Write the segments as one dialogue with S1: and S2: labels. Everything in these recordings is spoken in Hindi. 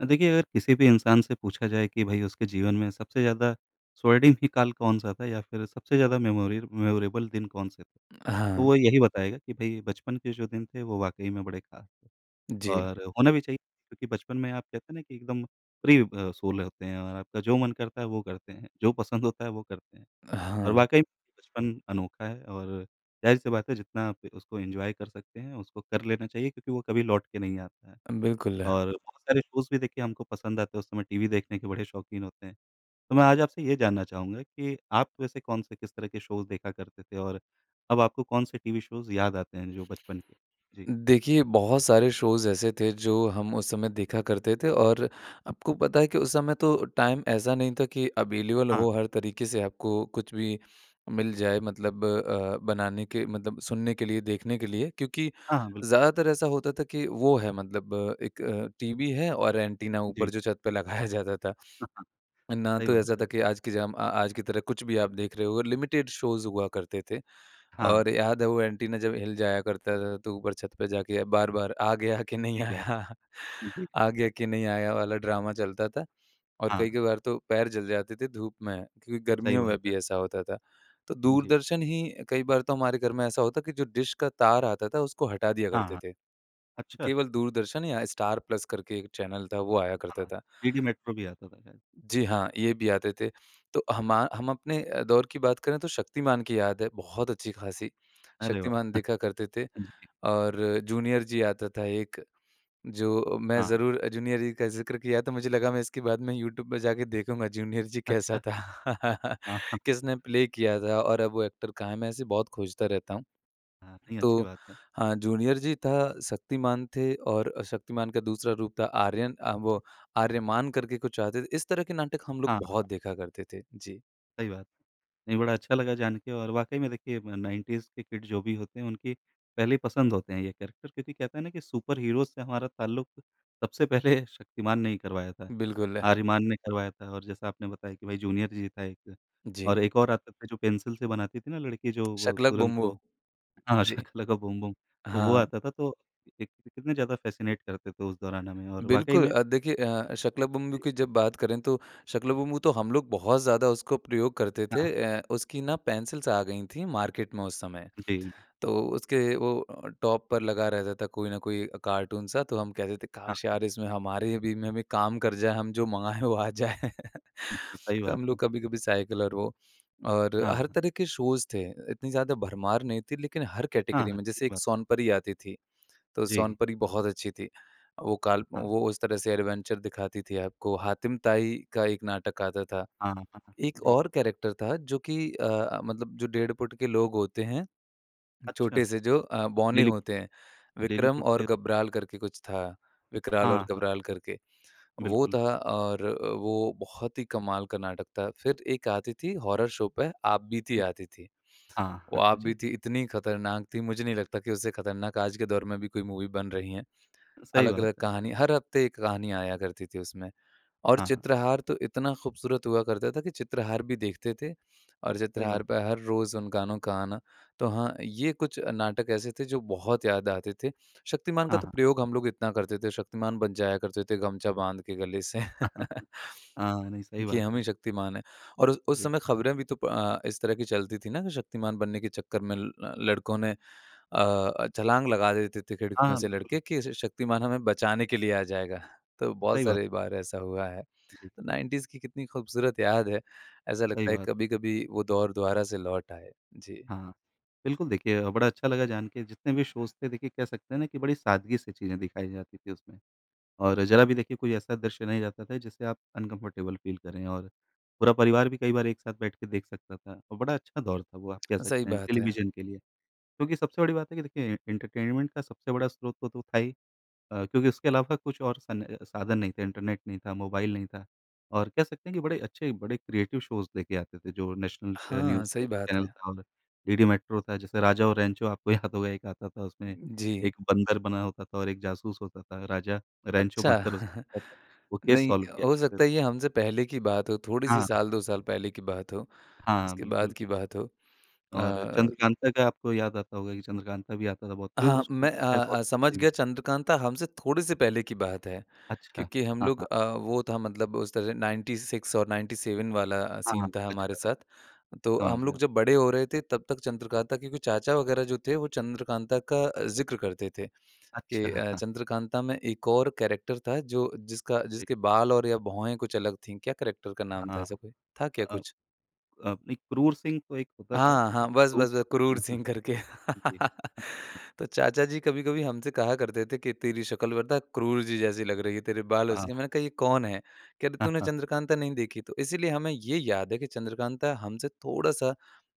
S1: अ, देखिए अगर किसी भी इंसान से पूछा जाए कि भई उसके जीवन में सबसे ज़्यादा स्वर्णिम ही काल कौन-सा था या फिर सबसे ज़्यादा मेमोरियल मेमोरेबल दिन कौन से थे? तो
S2: हाँ।
S1: वो यही बताएगा कि भई बचपन के जो दिन थे वो वाक़ई में बड़े ख़ास थे
S2: जी।
S1: और होना भी चाहिए, क्योंकि बचपन में आप कहते हैं ना कि एकदम फ्री ब सोल होते हैं और आपका जो मन करता है वो करते हैं, जो पसंद होता है वो करते हैं।
S2: अ,
S1: और
S2: हाँ।
S1: वाक़ई में बचपन अनोखा है और ज़ाहिर सी बात है जितना आप उसको एन्जॉय कर सकते हैं, उसको कर लेना चाहिए क्योंकि वो कभी लौट के नहीं आता है।
S2: बिल्कुल।
S1: और बहुत सारे शोज़ भी देखिए हमको पसंद आते हैं, उस समय टीवी देखने के बड़े शौकीन होते हैं। तो मैं आज आपसे ये जानना चाहूँगा कि आप वैसे कौन-से, किस तरह के शोज़ देखा करते थे? और अब आपको कौन-से टीवी शोज़ याद आते हैं जो बचपन के? जी।
S2: देखिए, बहुत सारे शोज़ ऐसे थे जो हम उस समय देखा करते थे और आपको पता है कि उस समय तो टाइम ऐसा नहीं था कि अवेलेबल
S1: हाँ।
S2: हो, हर तरीके से आपको कुछ भी मिल जाए मतलब अ, बनाने के मतलब सुनने के लिए, देखने के लिए। क्योंकि
S1: हाँ, हाँ, बिल्कुल।
S2: ज़्यादातर ऐसा होता था कि वो है मतलब एक अ, टीवी है, और एंटीना ऊपर
S1: जी।
S2: जो छत पे लगाया जाता था। ना
S1: सही
S2: तो
S1: बात
S2: ऐसा था
S1: है।
S2: कि आज की जाम अ, आज की तरह कुछ भी आप देख रहे हो, लिमिटेड शोज़ हुआ करते थे और
S1: हाँ।
S2: याद है वो एंटीना जब हिल जाया करता था तो ऊपर छत पे जाके बार-बार आ गया के नहीं
S1: सही बात।
S2: आया।
S1: जी।
S2: आ गया के नहीं आया वाला ड्रामा चलता था और
S1: हाँ।
S2: कई-कभार तो पैर जल जाते थे धूप में क्योंकि
S1: सही
S2: गर्मियों में
S1: बात है।
S2: भी ऐसा होता था। तो
S1: जी।
S2: दूरदर्शन ही कई बार तो हमारे घर में ऐसा होता कि जो डिश का तार आता था उसको हटा दिया
S1: हाँ,
S2: करते
S1: हाँ।
S2: थे,
S1: अच्छा!
S2: केवल दूरदर्शन या स्टार प्लस करके एक चैनल था वो आया करता
S1: हाँ,
S2: था।
S1: डी डी मेट्रो भी आता था शायद।
S2: जी हाँ, ये भी आते थे। तो हमा हम अपने अ, दौर की बात करें तो शक्तिमान की याद है बहुत अच्छी-ख़ासी।
S1: अरे वाह!
S2: शक्तिमान देखा करते थे
S1: जी।
S2: और जूनियर जी आता था एक। जो अ, मैं
S1: हाँ।
S2: ज़रूर जूनियर जी का ज़िक्र किया तो मुझे लगा मैं इसके बाद में यूट्यूब पे जाके देखूँगा जूनियर जी कैसा
S1: अच्छा।
S2: था?
S1: हाँ।
S2: किसने प्ले किया था? और अब वो एक्टर कहाँ है? मैं ऐसे बहुत खोजता रहता हूँ।
S1: हाँ। नहीं अच्छी
S2: तो
S1: बात है।
S2: हाँ जूनियर जी था, शक्तिमान थे और शक्तिमान का दूसरा रूप था आर्यन अ,
S1: जी।
S2: वो आर्यमान करके कुछ आते थे। इस तरह के नाटक हम
S1: हाँ,
S2: लोग
S1: हाँ।
S2: बहुत देखा करते थे। जी।
S1: सही बात। नहीं, बड़ा अच्छा लगा जान के और वाक़ई में देखिए अ, 90's के किड जो भी होते हैं उनकी पहली पसंद होते हैं ये कैरेक्टर क्योंकि कहते हैं ना कि सुपर हीरोज़ से हमारा ताल्लुक़ सबसे पहले शक्तिमान ने ही करवाया था,
S2: बिल्कुल।
S1: आर्यमान ने करवाया था और जैसा आपने बताया कि भई जूनियर जी था एक
S2: जी।
S1: और एक और आता था जो पेंसिल से बनाती थी ना लड़की जो वो
S2: शाका लाका
S1: तुरंत
S2: बूम
S1: वो,
S2: बूम।
S1: हाँ,
S2: जी।
S1: शाका लाका बूम बूम। तो वो
S2: हाँ।
S1: आता था, तो कि कितने ज़्यादा फैसिनेट करते थे उस दौरान हमें और वाक़ई
S2: बिल्कुल
S1: में
S2: अ, देखिए अ, शाका लाका बूम बूम
S1: जी।
S2: की जब बात करें तो शाका लाका बूम बूम तो हम लोग बहुत ज़्यादा उसको प्रयोग करते
S1: हाँ,
S2: थे।
S1: हाँ।
S2: अ, उसकी ना पेंसिल्स आ गईं थीं मार्केट में उस समय।
S1: जी।
S2: तो उसके वो टॉप पर लगा रहता था कोई ना कोई कार्टून सा तो हम कहते थे
S1: हाँ,
S2: काश
S1: हाँ।
S2: यार इसमें हमारे भी में भी काम कर जाए हम जो मँगाएँ वो आ जाए।
S1: हुँ, सही
S2: तो
S1: बात
S2: हम
S1: है।
S2: लोग कभी-कभी साइकिल और वो और
S1: हाँ,
S2: हर
S1: हाँ।
S2: तरह के शोज़ थे, इतनी ज़्यादा भरमार नहीं थी लेकिन हर
S1: हाँ,
S2: कैटेगरी
S1: हाँ।
S2: में
S1: ठीक
S2: जैसे
S1: बात
S2: एक
S1: है।
S2: सोनपरी आती थी तो
S1: जी।
S2: सोनपरी बहुत अच्छी थी। वो काल्प
S1: हाँ।
S2: वो उस तरह से एडवेंचर दिखाती थी आपको। हातिम ताई का एक नाटक आता था।
S1: हाँ, हाँ।
S2: एक
S1: जी।
S2: और कैरेक्टर था जो कि अ, मतलब जो डेढ़ फुट के लोग होते हैं,
S1: अच्छा।
S2: छोटे से जो अ, बौने
S1: लिलीपुट।
S2: होते हैं, विक्रम
S1: लिलीपुट
S2: और
S1: फिर
S2: गबराल करके कुछ था, विकराल और
S1: हाँ, हाँ।
S2: घबराल करके। वो
S1: बिल्कुल।
S2: था और वो बहुत ही कमाल का नाटक था। फिर एक आती थी हॉरर शो पे आपबीती
S1: हुँ।
S2: आती थी।
S1: हाँ,
S2: वो
S1: हाँ। जी।
S2: आपबीती इतनी ख़तरनाक थी मुझे नहीं लगता कि उससे ख़तरनाक आज के दौर में भी कोई मूवी बन रही हैं।
S1: सही बात
S2: अलग-अलग
S1: है।
S2: कहानी, हर हफ़्ते एक कहानी आया करती थी उसमें और
S1: हाँ, हाँ।
S2: चित्रहार तो इतना ख़ूबसूरत हुआ करता था कि चित्रहार भी देखते थे। और
S1: सही बात
S2: चित्रहार
S1: है।
S2: पे हर रोज़ उन गानों का आना। तो हाँ, ये कुछ नाटक ऐसे थे जो बहुत याद आते थे। शक्तिमान का
S1: हाँ,
S2: तो
S1: हाँ।
S2: प्रयोग हम लोग इतना करते थे, शक्तिमान बन जाया करते थे गमछा बाँध के गले से
S1: हाँ, नहीं सही
S2: कि
S1: बात
S2: हम
S1: है।
S2: ही शक्तिमान हैं और उस उस
S1: जी।
S2: समय ख़बरे भी तो अ, इस तरह की चलती थीं ना कि शक्तिमान बनने के चक्कर में ल लड़कों ने अ, छलाँग लगा देते थे खिड़कियों
S1: हाँ,
S2: से
S1: बिल्कुल।
S2: लड़के कि श शक्तिमान हमें बचाने के लिए आ जाएगा। तो बहुत
S1: सही बात है।
S2: सारी बार ऐसा हुआ है।
S1: जी।
S2: 90s की कितनी ख़ूबसूरत याद है। ऐसा
S1: सही
S2: लगता है
S1: बात है।
S2: कभी-कभी वो दौर दोबारा से लौट आए। जी।
S1: हाँ। बिल्कुल देखिए बड़ा अच्छा लगा जान के, जितने भी शोज़ थे देखिए कह सकते हैं ना कि बड़ी सादगी से चीज़ें दिखाई जाती थी उसमें और ज़रा भी देखिए कोई ऐसा दृश्य नहीं रहता था जिससे आप अनकम्फर्टेबल फ़ील करें। और पूरा परिवार भी कई बार एक साथ बैठ के देख सकता था और बड़ा अच्छा दौर था वो आप कह
S2: सही
S1: सकते हैं
S2: बात है।
S1: टेलीविज़न के लिए। क्योंकि सबसे बड़ी बात है कि देखिए एंटरटेनमेंट का सबसे बड़ा स्रोत तो तो था ही अ, क्योंकि उसके अलावा कुछ और सन अ, साधन नहीं थे। इंटरनेट नहीं था, मोबाइल नहीं था और कह सकते हैं कि बड़े अच्छे, बड़े क्रिएटिव शोज़ लेके आते थे जो नेशनल अ,
S2: हाँ,
S1: न्यूज़
S2: सही
S1: एक
S2: बात
S1: चैनल
S2: है।
S1: था डीडी मेट्रो था जैसे राजा और रैंचो आपको याद होगा एक आता था। उसमें
S2: जी।
S1: एक बंदर बना होता था और एक जासूस होता था। राजा रैंचो
S2: अच्छा।
S1: बंदर उस वो केस
S2: नहीं
S1: सॉल्व किया
S2: हो
S1: करते थे।
S2: सकता है ये हमसे पहले की बात हो, थोड़ी-सी
S1: हाँ।
S2: साल 2 साल पहले की बात हो,
S1: हाँ,
S2: उसके बाद
S1: बिल्कुल।
S2: की बात हो।
S1: और
S2: अ
S1: चंद्रकांता का आपको याद आता होगा कि चंद्रकांता भी आता था बहुत पर
S2: हाँ,
S1: उसकी
S2: मैं
S1: तो
S2: अ
S1: ख़ैर बहुत
S2: अ, समझ
S1: [unintelligible]
S2: गया चंद्रकांता हमसे थोड़े से पहले की बात है
S1: अच्छा।
S2: क्योंकि हम
S1: हाँ,
S2: लोग
S1: हाँ।
S2: अ, वो था मतलब उस तरह 96 और 97 वाला
S1: हाँ, हाँ।
S2: सीन था हमारे
S1: अच्छा।
S2: साथ। तो
S1: समझ
S2: हम
S1: गया।
S2: लोग जब बड़े हो रहे थे तब तक चंद्रकांता के कुछ चाचा वग़ैरह जो थे वो चंद्रकांता का ज़िक्र करते थे
S1: अच्छा।
S2: कि अ, चंद्रकांता में एक और कैरेक्टर था जो जिसका
S1: जी।
S2: जिसके बाल और या भौएँ कुछ अलग थीं। क्या कैरेक्टर का
S1: अ,
S2: नाम था
S1: हाँ।
S2: ऐसा कोई? था क्या
S1: अ
S2: कुछ?
S1: अ, नहीं क्रूर सिंह तो एक होता था।
S2: हाँ,
S1: अ,
S2: हाँ। बस,
S1: क्रूर
S2: बस, बस क्रूर
S1: हाँ, हाँ।
S2: सिंह करके।
S1: जी।
S2: तो चाचा जी कभी-कभी हमसे कहा करते थे कि "तेरी शक़्ल पता क्रूर जी जैसी लग रही है, तेरे बालों से।"
S1: हाँ।
S2: मैंने कहा ये कौन है? कह रहे
S1: हाँ,
S2: "तूने
S1: हाँ।
S2: चंद्रकांता नहीं देखी?" तो इसीलिए हमें ये याद है कि चंद्रकांता हमसे थोड़ा-सा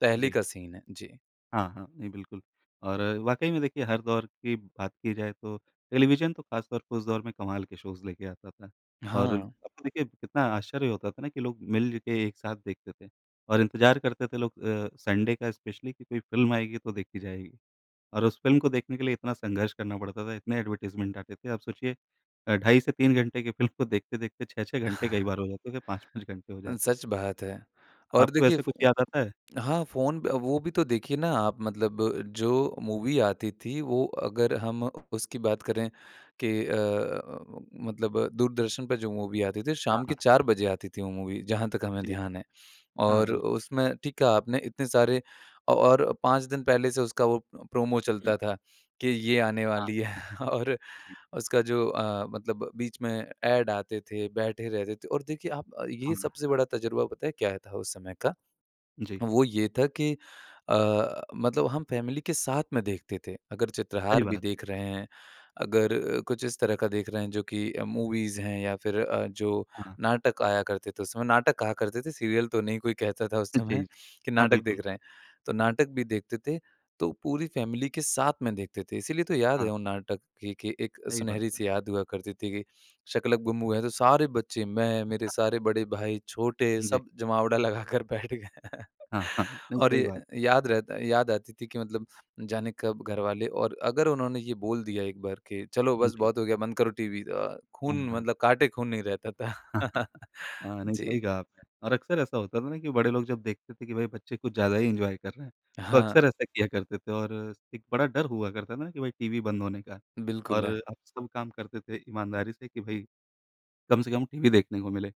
S2: पहले
S1: जी।
S2: का सीन है। जी।
S1: हाँ, हाँ नहीं बिल्कुल और अ, वाकई में देखिए हर दौर की बात की जाए तो टेलीविज़न तो खास तौर पर उस दौर में कमाल के शोज़ लेके आता था। और अब
S2: हाँ।
S1: तो देखिए कितना आश्चर्य होता था ना कि लोग मिल के एक साथ देखते थे और इंतज़ार करते थे लोग अ, संडे का स्पेशली कि कोई फिल्म आएगी तो देखी जाएगी। और उस फिल्म को देखने के लिए इतना संघर्ष करना पड़ता था इतने एडवर्टाइज़मेंट आते थे। आप सोचिए अ, ढाई से 3 घंटे की फिल्म को देखते-देखते 6-6 घंटे कई बार हो जाते हैं 5-5 घंटे हो
S2: अ,
S1: जाते।
S2: सच बात है। और
S1: आपको
S2: देखिए,
S1: ऐसा
S2: फो
S1: कुछ याद आता है?
S2: हाँ, फोन पे अ, वो भी तो देखिए ना आप मतलब जो मूवी आती थी वो अगर हम उसकी बात करें कि अ अ उम, मतलब दूरदर्शन पे जो मूवी आती थी
S1: हाँ,
S2: शाम के
S1: हाँ।
S2: चार बजे आती थी वो मूवी जहाँ तक हमें
S1: जी।
S2: ध्यान है।
S1: हाँ,
S2: और
S1: बिल्कुल।
S2: उसमें ठीक कहा आपने इतने सारे अ और 5 दिन पहले से उसका वो प्रोमो चलता था कि ये आने
S1: हाँ।
S2: वाली है और
S1: जी।
S2: उसका जो अ, मतलब बीच में ऐड आते थे, बैठे रहते थे और देखिए आप ये
S1: हुँ,
S2: सबसे
S1: अ
S2: बड़ा तजुर्बा पता है क्या था उस समय का
S1: जी।
S2: वो ये था कि अ, मतलब हम फैमिली के साथ में देखते थे। अगर
S1: सही
S2: चित्रहार भी
S1: बात।
S2: देख रहे हैं, अगर कुछ इस तरह का देख रहे हैं जो कि मूवीज़ हैं या फिर अ, जो
S1: हाँ।
S2: नाटक आया करते थे उस समय नाटक कहा करते थे, सीरियल तो नहीं कोई कहता था उस
S1: अ, जी,
S2: समय
S1: जी।
S2: कि
S1: हाँ,
S2: नाटक देख
S1: बिल्कुल।
S2: रहे हैं। तो नाटक भी देखते थे तो पूरी फैमिली के साथ में देखते थे इसीलिए तो याद है
S1: हाँ।
S2: वो नाटक कि कि एक
S1: सही बात
S2: सुनहरी
S1: है।
S2: से याद हुआ करती थी कि शाका लाका बूम बूम है तो सारे बच्चे मैं मेरे सारे बड़े भाई, छोटे
S1: जी।
S2: सब जमावड़ा लगा कर बैठ गए हैं
S1: हाँ, हाँ, नहीं
S2: और
S1: सही
S2: ये
S1: बात।
S2: याद रहता याद आती थी कि मतलब जाने कब घरवाले और अगर उन्होंने ये बोल दिया एक बार के चलो
S1: उम,
S2: बस
S1: जी।
S2: बहुत हो गया बंद करो टीवी अ,
S1: उम,
S2: खून
S1: हाँ।
S2: मतलब काटे खून नहीं रहता था,
S1: हाँ, नहीं सही
S2: जी।
S1: कहा आपने। और अक्सर ऐसा होता था ना कि बड़े लोग जब देखते थे कि भई बच्चे कुछ ज़्यादा ही एन्जॉय कर रहे हैं तो
S2: हाँ।
S1: अक्सर ऐसा किया करते थे और स एक बड़ा डर हुआ करता था कि भई टीवी बंद होने का
S2: बिल्कुल
S1: और
S2: है।
S1: अब सब काम करते थे ईमानदारी से कि भई कम से कम टीवी देखने को मिले।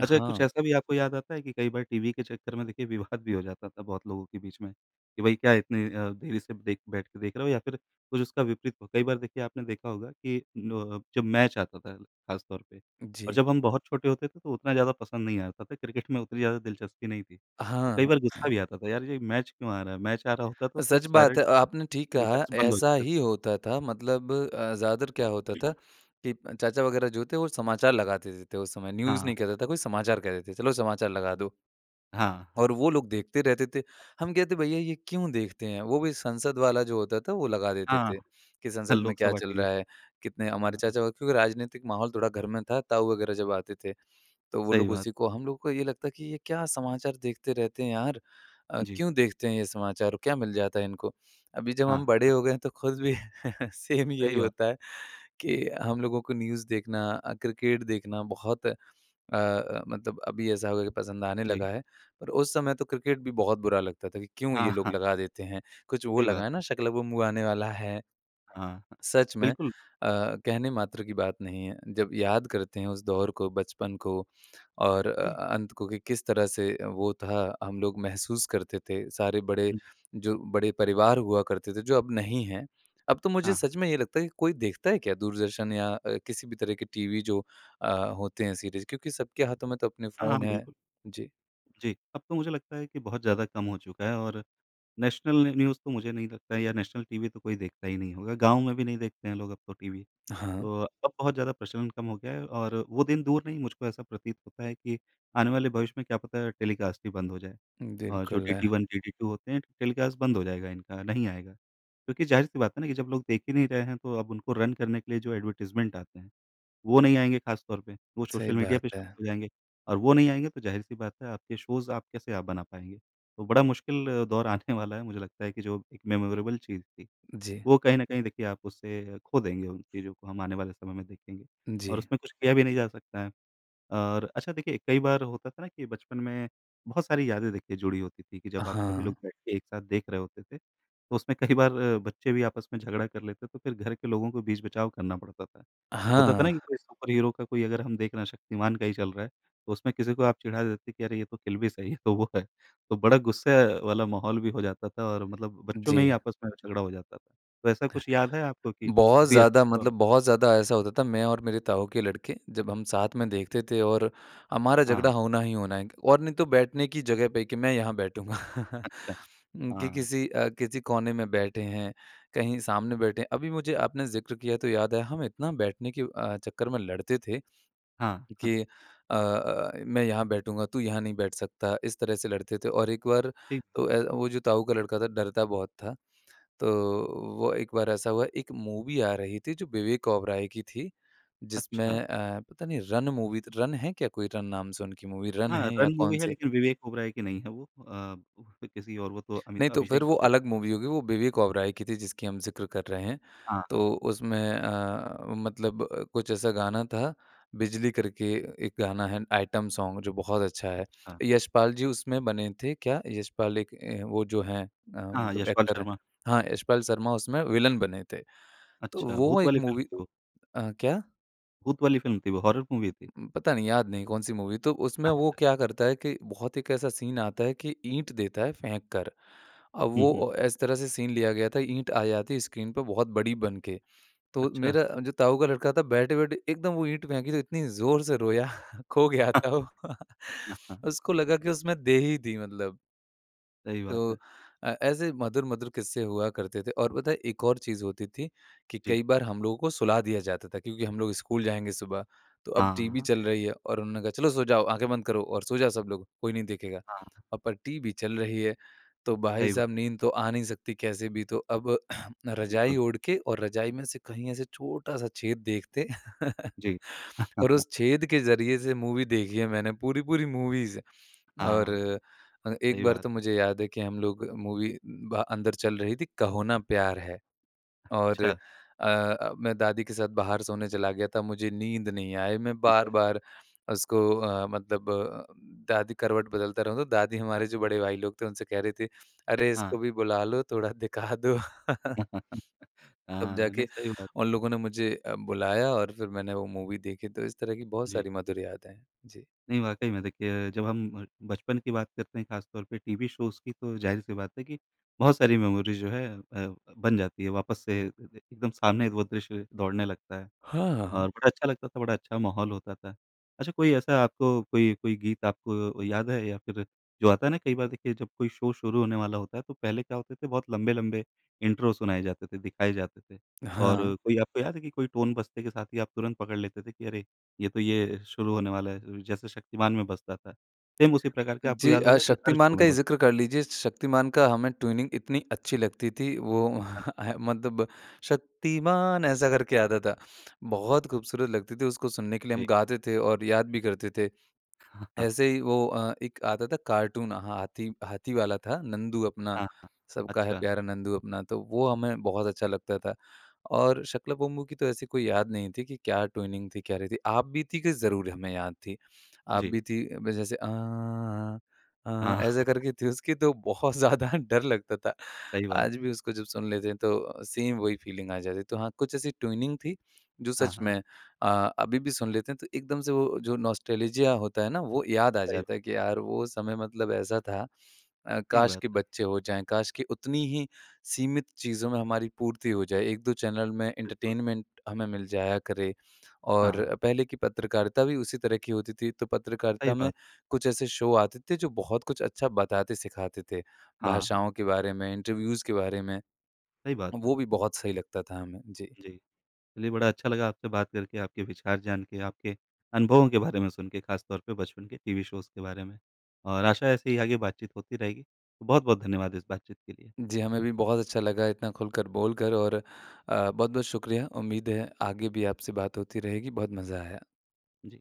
S1: अच्छा कुछ
S2: हाँ।
S1: ऐसा भी आपको याद आता है कि कई बार टीवी के चक्कर में देखिए विवाद भी हो जाता था बहुत लोगों के बीच में कि भई क्या इतनी अ, देरी से देख बैठ के देख रहे हो या फिर कुछ उसका विपरीत हो? कई बार देखिए आपने देखा होगा कि अ, जब मैच आता था खास तौर पे और
S2: जी।
S1: जब हम बहुत छोटे होते थे तो उतना ज़्यादा पसंद नहीं आता था क्रिकेट में उतनी ज़्यादा दिलचस्पी नहीं थी। तो कई
S2: हाँ।
S1: बार गुस्सा भी आता था यार ये मैच क्यों आ रहा है, मैच आ रहा होता था तो
S2: सच
S1: सारे
S2: बात है,
S1: [unintelligible]
S2: आपने ठीक
S1: मेरे
S2: कहा
S1: ख़याल से बंद हो
S2: ऐसा
S1: जाते थे।
S2: ही होता था। मतलब अ, ज़्यादातर क्या होता था कि चाचा वगैरह जो थे वो समाचार लगाते थे उस समय।
S1: हाँ,
S2: न्यूज़
S1: हाँ।
S2: नहीं कहता था कोई समाचार कहते थे चलो समाचार लगा दो।
S1: हाँ, हाँ।
S2: और वो लोग देखते रहते थे। हम कहते हैं भैया ये क्यों देखते हैं वो भी संसद वाला जो होता था वो लगा देते
S1: हाँ,
S2: थे कि संसद में क्या
S1: लोकसभा
S2: चल
S1: टीवी।
S2: रहा है कितने हमारे
S1: हाँ, हाँ।
S2: चाचा का क्योंकि राजनीतिक माहौल थोड़ा घर में था ताऊ वगैरह जब आते थे। तो वो
S1: सही
S2: लोग
S1: बात।
S2: उसी को हम लोगों को ये लगता है कि ये क्या समाचार देखते रहते हैं यार अ,
S1: जी।
S2: क्यों देखते हैं ये समाचार क्या मिल जाता है इनको? अभी जब
S1: हाँ,
S2: हम बड़े
S1: हाँ।
S2: हो गए हैं तो खुद भी सेम
S1: सही
S2: यही
S1: बात
S2: होता
S1: है।
S2: है कि हम लोगों को न्यूज़ देखना अ, क्रिकेट देखना बहुत अ अ, मतलब अभी ऐसा हो गया कि पसंद आने लगा
S1: जी।
S2: है। पर उस समय तो क्रिकेट भी बहुत बुरा लगता था कि क्यों ये
S1: हाँ,
S2: लोग
S1: हाँ।
S2: लगा देते हैं? कुछ वो
S1: सही
S2: लगा
S1: बात
S2: है ना
S1: है।
S2: शाका लाका बूम बूम आने वाला है।
S1: हाँ, हाँ,
S2: सच में अ,
S1: बिल्कुल।
S2: कहने मात्र की बात नहीं है। जब याद करते हैं उस दौर को बचपन को और अ
S1: जी।
S2: अंत को कि किस तरह से वो था हम लोग महसूस करते थे सारे बड़े
S1: जी।
S2: जो बड़े परिवार हुआ करते थे जो अब नहीं है। अब तो मुझे
S1: हाँ, हाँ।
S2: सच में ये लगता है कि कोई देखता है क्या दूरदर्शन या किसी भी तरह के टीवी अ, जो होते हैं सीरीज़ क्योंकि सबके हाथों में तो अपने
S1: हाँ हाँ,
S2: फोन हैं,
S1: बिल्कुल।
S2: जी।
S1: जी, अब तो मुझे लगता है कि बहुत ज़्यादा कम हो चुका है और नेशनल न न्यूज़ तो मुझे नहीं लगता है या नेशनल टीवी तो कोई देखता ही नहीं होगा। गाँव में भी नहीं देखते हैं लोग अब तो टीवी।
S2: हाँ।
S1: तो अब बहुत ज़्यादा प्रचलन कम हो गया है और वो दिन दूर नहीं मुझको ऐसा प्रतीत होता है कि आने वाले भविष्य में क्या पता टेलीकास्ट ही बंद हो जाए और जो
S2: बिल्कुल
S1: डीडी
S2: है।
S1: 1 डीडी 2 होते हैं टेलीकास्ट बंद हो जाएगा इनका नहीं आएगा। क्योंकि ज़ाहिर सी बात है ना कि जब लोग देख ही नहीं रहे हैं तो अब उनको रन करने के लिए जो एडवर्टाइजमेंट आते हैं, वो नहीं आएँगे खास तौर पे। वो
S2: सही
S1: सोशल मीडिया
S2: बात
S1: पर
S2: है।
S1: शुरू हो जाएँगे और वो नहीं आएंगे तो ज़ाहिर सी बात है आपके शोज़ आप कैसे आप बना पाएँगे। तो बड़ा मुश्किल दौर आने वाला है मुझे लगता है कि जो एक मेमोरेबल चीज़ थी
S2: जी।
S1: वो कहीं ना कहीं देखिए आप उसे खो देंगे उन चीजों को हम आने वाले समय में देखेंगे और
S2: जी।
S1: उसमें कुछ किया भी नहीं जा सकता है। और अच्छा देखिए कई बार होता था ना कि बचपन में बहुत सारी यादें देखिए जुड़ी होती थी कि जब आप सभी
S2: हाँ।
S1: लोग बैठ के एक साथ देख रहे होते थे तो उसमें कई बार अ, बच्चे भी आपस में झगड़ा कर लेते हैं तो फिर घर के लोगों को बीच-बचाव करना पड़ता था, होता था ना कि
S2: हाँ।
S1: कोई सुपर हीरो का कोई अगर हम देख रहे हैं शक्तिमान का ही चल रहा है तो उसमें किसी को आप चिढ़ा देते कि अरे ये तो किल भी सही है तो वो है। तो बड़ा गुस्से वाला माहौल भी हो जाता था और मतलब बच्चों में ही
S2: जी।
S1: आपस में झगड़ा हो जाता था। तो ऐसा कुछ याद है आपको कि
S2: बहुत ज़्यादा मतलब
S1: [unintelligible]
S2: बहुत ज़्यादा ऐसा होता था। मैं और मेरे ताऊ के लड़के जब हम साथ में देखते थे और हमारा झगड़ा
S1: हाँ।
S2: होना ही होना है और नहीं तो बैठने की जगह पे कि मैं यहाँ बैठूँगा
S1: अच्छा,
S2: कि
S1: हाँ।
S2: किसी अ, किसी कोने में बैठे हैं कहीं सामने बैठे हैं। अभी मुझे आपने ज़िक्र किया तो याद है हम इतना बैठने के अ, चक्कर में लड़ते थे,
S1: हाँ, हाँ।
S2: कि अ अ अ, मैं यहाँ बैठूँगा तू यहाँ नहीं बैठ सकता। इस तरह से लड़ते थे और एक बार
S1: ठीक
S2: तो ए,
S1: है।
S2: वो जो ताऊ का लड़का था डरता बहुत था। तो वो एक बार ऐसा हुआ एक मूवी आ रही थी जो विवेक ओबेरॉय की थी। जिसमें
S1: अच्छा।
S2: अ, पता नहीं रन मूवी थी रन है क्या कोई रन नाम से उनकी मूवी रन
S1: हाँ,
S2: है या
S1: रन
S2: कौन
S1: मूवी है
S2: सी?
S1: लेकिन विवेक ओबेरॉय की नहीं है वो। अ, किसी और वो तो
S2: नहीं
S1: अमित
S2: तो फिर
S1: अभिषेक
S2: वो
S1: बच्चन
S2: अलग मूवी होगी, वो विवेक ओबराय की थी जिसकी हम ज़िक्र कर रहे हैं।
S1: हाँ, हाँ।
S2: तो उसमें अ, मतलब कुछ ऐसा गाना था बिजली करके एक गाना है आइटम सॉन्ग जो बहुत अच्छा है।
S1: अच्छा।
S2: यशपाल जी उसमें बने थे क्या यशपाल एक वो जो है अ,
S1: हाँ,
S2: मतलब
S1: यशपाल
S2: एक्टर है।
S1: शर्मा।
S2: हाँ, यशपाल शर्मा उसमें विलेन बने थे, तो
S1: अच्छा,
S2: वो
S1: भूत
S2: एक
S1: वाली फिल्म
S2: मूवी
S1: थी वो।
S2: अ, क्या?
S1: भूत वाली फिल्म थी वो, हॉरर मूवी थी?
S2: हुँ, पता नहीं याद नहीं कौन-सी मूवी। तो उसमें वो
S1: अच्छा।
S2: क्या करता है कि बहुत एक ऐसा सीन आता है कि ईंट देता है फेंक कर, अब
S1: हुँ,
S2: वो
S1: हुँ।
S2: अ, इस तरह से सीन लिया गया था, ईंट आ जाती स्क्रीन पे बहुत बड़ी बन के। तो
S1: अच्छा।
S2: मेरा अ, जो ताऊ का लड़का था बैठे-बैठे एकदम वो ईंट फेंकी तो इतनी ज़ोर से रोया, खो गया था वो। उसको लगा कि उसमें दे ही दी मतलब।
S1: सही बात
S2: तो
S1: है।
S2: अ, ऐसे मधुर-मधुर किस्से हुआ करते थे, और पता है एक और चीज़ होती थी, कि
S1: जी।
S2: कई बार हम लोगों को सुला दिया जाता था क्योंकि हम लोग स्कूल जाएँगे सुबह, तो अब
S1: हाँ,
S2: टीवी
S1: हाँ।
S2: चल रही है और उन्होंने कहा "चलो सो जाओ, आँखें बंद करो और सो जाओ सब लोग, कोई नहीं देखेगा"
S1: हाँ।
S2: अ, पर टीवी चल रही है। तो भाई
S1: सही बात।
S2: साहब नींद तो आ नहीं सकती कैसे भी तो, अब रज़ाई
S1: बिल्कुल।
S2: ओढ़ के और रज़ाई में से कहीं ऐसे छोटा-सा छेद देखते
S1: जी।
S2: और उस छेद के ज़रिए से मूवी देखी है मैंने, पूरी-पूरी मूवीज़। और
S1: हाँ,
S2: अ, एक
S1: सही
S2: बार
S1: बात
S2: तो
S1: है।
S2: मुझे याद है कि हम लोग मूवी भा अंदर चल रही थी, कहो ना प्यार है। और
S1: अच्छा।
S2: अ, मैं दादी के साथ बाहर सोने चला गया था, मुझे नींद नहीं आई मैं
S1: ठीक है।
S2: बार-बार उसको अ, मतलब अ, दादी करवट बदलता रहूँ, तो दादी हमारे जो बड़े भाई लोग थे उनसे कह रहीं थीं अरे! इसको
S1: हाँ।
S2: भी बुला लो, थोड़ा दिखा दो। तब
S1: हाँ, नहीं
S2: जाके
S1: सही बात।
S2: उन लोगों ने मुझे अ, बुलाया और फिर मैंने वो मूवी देखी, तो इस तरह की बहुत
S1: जी।
S2: सारी मधुर यादें हैं। जी।
S1: नहीं, वाकई में देखिए जब हम अ, बचपन की बात करते हैं खासतौर पे टीवी शोज़ की तो ज़ाहिर सी बात है कि बहुत सारी मेमोरी जो है अ, बन जाती है वापस से अ, एकदम सामने वो दृश्य दौड़ने लगता है, और
S2: हाँ।
S1: बड़ा अच्छा लगता था, बड़ा अच्छा माहौल होता था। अच्छा कोई ऐसा आपको कोई कोई गीत आपको अ, याद है या फिर जो आता है ना? कई बार देखिए जब कोई शो शुरू होने वाला होता है, तो पहले क्या होते थे बहुत लंबे-लंबे इंट्रो सुनाए जाते थे, दिखाए जाते थे। और
S2: हाँ।
S1: कोई आपको याद है कि कोई टोन बजते के साथ ही आप तुरंत पकड़ लेते थे कि अरे! ये तो ये शुरू होने वाला है? ल र जैसे शक्तिमान में बजता था। सेम उसी प्रकार का आपको
S2: जी
S1: याद
S2: अ,
S1: होगा कि हर
S2: शक्तिमान
S1: शो में
S2: का ही
S1: होता।
S2: ज़िक्र कर लीज़िए, श शक्तिमान का हमें ट्यूनिंग इतनी अच्छी लगती थी वो
S1: अच्छा।
S2: मतलब शक्तिमान, ऐसा करके आता था। बहुत ख़ूबसूरत लगती थी उसको सुनने के लिए हम
S1: जी।
S2: गाते थे और याद भी करते थे।
S1: हाँ, हाँ।
S2: ऐसे ही वो अ, एक आता था कार्टून, हाथी हाथी वाला था, नंदू अपना
S1: हाँ, हाँ।
S2: सबका है
S1: अच्छा।
S2: प्यारा नंदू अपना, तो वो हमें बहुत अच्छा लगता था। और शाका लाका बूम बूम की तो ऐसी कोई याद नहीं थी कि क्या ट्यूनिंग थी, क्या रही थी? आप बीती कि ज़रूर हमें याद थी, आप
S1: जी।
S2: बीती में जैसे आँ, आँ
S1: हाँ।
S2: ऐसे करके थी उसकी तो बहुत ज़्यादा डर लगता था।
S1: सही बात
S2: आज
S1: है।
S2: भी उसको जब सुन लेते हैं, तो सेम वही फीलिंग आ जाती है। तो हाँ, कुछ ऐसी ट्यूनिंग थी, जो
S1: हाँ,
S2: सच
S1: हाँ।
S2: में अ, अभी भी सुन लेते हैं तो एकदम से वो जो नॉस्टेल्जिया होता है ना वो याद आ
S1: सही ब
S2: जाता है, कि यार वो समय मतलब ऐसा था अ,
S1: सही
S2: काश
S1: बात
S2: के
S1: है।
S2: बच्चे हो जाएँ। काश की उतनी ही सीमित चीज़ों में हमारी पूर्ति हो जाए, 1-2 चैनल में
S1: बिल्कुल।
S2: एंटरटेनमेंट हमें मिल जाया करे।
S1: हाँ।
S2: और पहले की पत्रकारिता भी उसी तरह की होती थी, तो
S1: सही
S2: पत्रकारिता में
S1: बात।
S2: कुछ ऐसे शो आते थे, जो बहुत कुछ अच्छा बताते-सिखाते थे।
S1: हाँ, हाँ।
S2: भाषाओं के बारे में, इंटरव्यूज़ के बारे में।
S1: सही बात है।
S2: वो भी बहुत सही लगता था हमें। जी।
S1: जी। चलिए बड़ा अच्छा लगा आपसे बात करके, आपके विचार जान के, आपके अनुभवों के बारे में सुन के खासतौर पे बचपन के टीवी शोज़ के बारे में। और आशा ऐसे ही आगे बात-चीत होती रहेगी। बहुत-बहुत धन्यवाद इस बातचीत के लिए।
S2: जी, हमें भी बहुत अच्छा लगा इतना खुलकर बोलकर और अ, बहुत-बहुत शुक्रिया! उम्मीद है आगे भी आपसे बात होती रहेगी, बहुत मज़ा आया।
S1: जी।